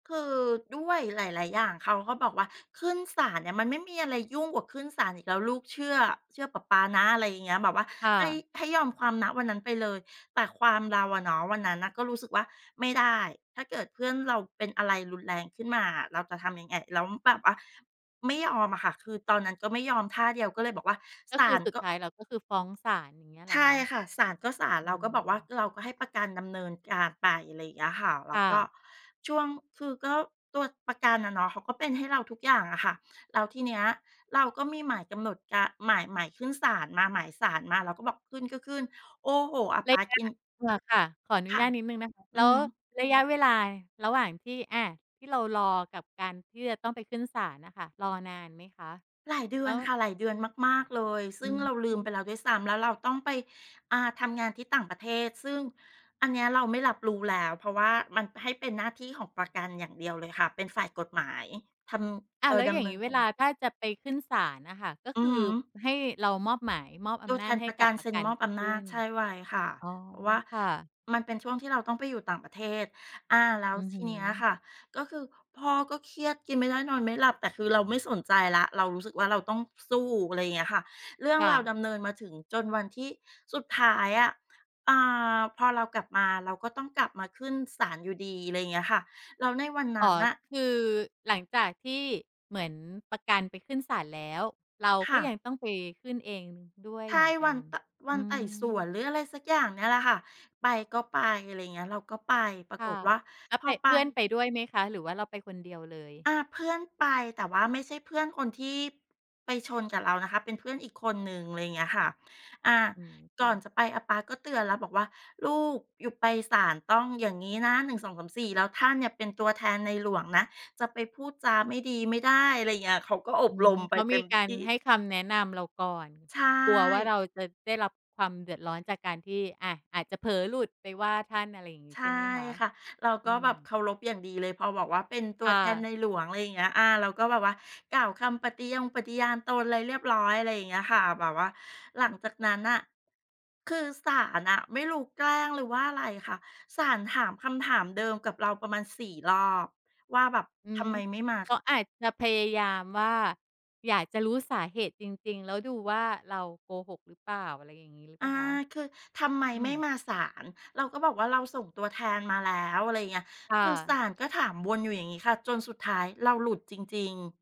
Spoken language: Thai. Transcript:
คือด้วยหลาย ๆ อย่าง เขาก็บอกว่า "ขึ้นศาลเนี่ย มันไม่มีอะไรยุ่งกว่าขึ้นศาลอีกแล้ว ลูกเชื่อ เชื่อปะป๊านะ" อะไรอย่างเงี้ย แบบว่าค่ให้ ะ ให้ยอมความ ณ วันนั้นไปเลย แต่ความเราอะเนาะ วันนั้นน่ะก็รู้สึกว่า "ไม่ได้ ถ้าเกิดเพื่อนเราเป็นอะไรรุนแรงขึ้นมาอะ เราจะทำยังไง?" แล้วแบบว่า ไม่ยอมอะค่ะ คือตอนนั้นก็ไม่ยอมท่าเดียว ก็เลยบอกว่า ก็"ศคาือลสุกด็" ท้ายเราก็คือฟ้องศาล อย่างเงี้ยเใหรชอ่คะ? ค่ะ ศาลก็ศาล อเรืาก็บอกว่าม เราก็ให้ประกันดำเนินการไป อะไรอย่างเงี้ยค่ะ แล้คว่ก็ะ ช่วง คือก็ตัวประกันอะเนาะ เขาก็เป็นให้เราทุกอย่างอะค่ะ แล้วทีเนี้ยเราก็มีหมายกำหนดการ หมาย หมายขึ้นศาลมา หมายศาลมา เราก็บอกขึ้นก็ขึ้น โอ้โฮ! อาปร๊ะายกะ ิน อ๋อ ค่ะ ขออนคุ่ญะ าตนิดหนึ่งนะคะ อแืลอ้วฮึ ระยะเวลาระหว่างที่ อา ที่เรารอ กับการที่จะต้องไปขึ้นศาลน่ะค่ะ รอนานไหมคะ? หลายเดืแลอ้นว ค่ะ หลายเดือนมาก ๆ เลย ซอืึ่งเราลืมม ไปแล้วด้วยซ้ำ แล้วเราต้องไป อา ทำงานที่ต่างประเทศ ซึ่งอันเนี้ยเราไม่รับรู้แล้ว เพราะว่ามัน ให้เป็นหน้าที่ของประกันอย่างเดียวเลยค่ะ เป็นฝ่ายกฎหมายทอำ ้เาอ่วแอ ล้วดอย่าำเงนิงีน้เกวาลร าถ้าจะไปขึ้นศาลอะค่ะ ก็อืคอือฮึ ให้เรามอบหมาย มอบอตัวำนแทาจนให้ประกกัับนปเรซะ็กนันมอบไปอขำนึา้จ น แช่ไว้ค่ะ อ๋อ เพราะว่าค่ะ มันเป็นช่วงที่เราต้องไปอยู่ต่างประเทศ อา แล้อวือทฮีึ เนี้ยอะค่ะก็คือพ่อก็เครียด กินไม่ได้ นอนไม่หลับ แต่คือเราไม่สนใจแล้ว เรารู้สึกว่าเราต้องสู้ อะไรอย่างเงี้ยค่ะ เรื่องค่ราวะ ดำเนินมาถึงจนวันที่ สุดท้ายอะ อา พอเรากลับมา เราก็ต้องกลับมาขึ้นศาลอยู่ดี อะไรอย่างเงี้ยค่ะ แล้วในวันนอ๋ัอ ้นน่ะ คือหลังจากที่ เหมือนประกันไปขึ้นศาลแล้ว เราคก็่ยะ ังต้องไปขึ้นเองด้วยใช่ เหมือนกวััน น ต วอันืไต่สวม น หรืออะไรสักอย่างเนี่ยแหละค่ะ ไปก็ไป อะไรอย่างเงี้ย เราก็ไป ปราคก่ะ ฏว่าแล้พวไอป ไป เพื่อนไปด้วยไหมคะ หรือว่าเราไปคนเดียวเลย? อา เพื่อนไป แต่ว่าไม่ใช่เพื่อนคนที่ ไปชนกับเรานะคะ เป็นเพื่อนอีกคนหนึ่ง อะไรอย่างเงี้ยค่ะ อา อืม คก่่อนะ จะไป อาป๊าก็เตือนแล้วบอกว่า "ลูก ยูไปศาลต้องอย่างงี้นะ 1 2 3 4 แล้วท่านเนี่ย เป็นตัวแทนในหลวงนะ จะไปพูดจาไม่ดีไม่ได้" อะไรอย่างเงี้ย เขาก็ออบืรม มไปเขาเตม็ีมกาทรี่ ให้คำแนะนำเราก่อน ใชกลัวว่า่ เราจะได้รับความเดือดร้อนจากการที่ อา อาจจะเผลอหลุดไปว่าท่าน อะไรอย่างงีใ้ชใ่ช่ไหมคะ? ค่ะ เรากอ็ืแบบม เคารพอย่างดีเลย พอบอกว่าเป็นตัคว่แทนะ ในหลวง อะไรอย่างเงี้ย อา เราก็แบบว่ากล่าวคำปฏิยงปฏิญาณตนอะไรเรียบร้อย อะไรอย่างเงี้ยค่ะ แบบว่า หลังจากนั้นน่ะ คือศาลอะไม่รู้แกล้ง หรือว่าอะไรค่ะ ศาลถามคำถามเดิมกับเราประมาณ 4 รอบ ว่าแบบ อื"ทม ำไมไม่มา" เขาอาจจะพยายามว่า อยากจะรู้สาเหตุจริง ๆ แล้วดูว่าเราโกหกหรือเปล่า อะไรอย่างงี้หรือเอปา ล่าคะ? คือ "ทำไมอืไม่ม มาศาล?" เราก็บอกว่าเราส่งตัวแทนมาแล้ว อะไรอย่างเงี้ย ค่คือศะ าลก็ถามวนอยู่อย่างงี้ค่ะ จนสุดท้ายเราหลุดจริง ๆ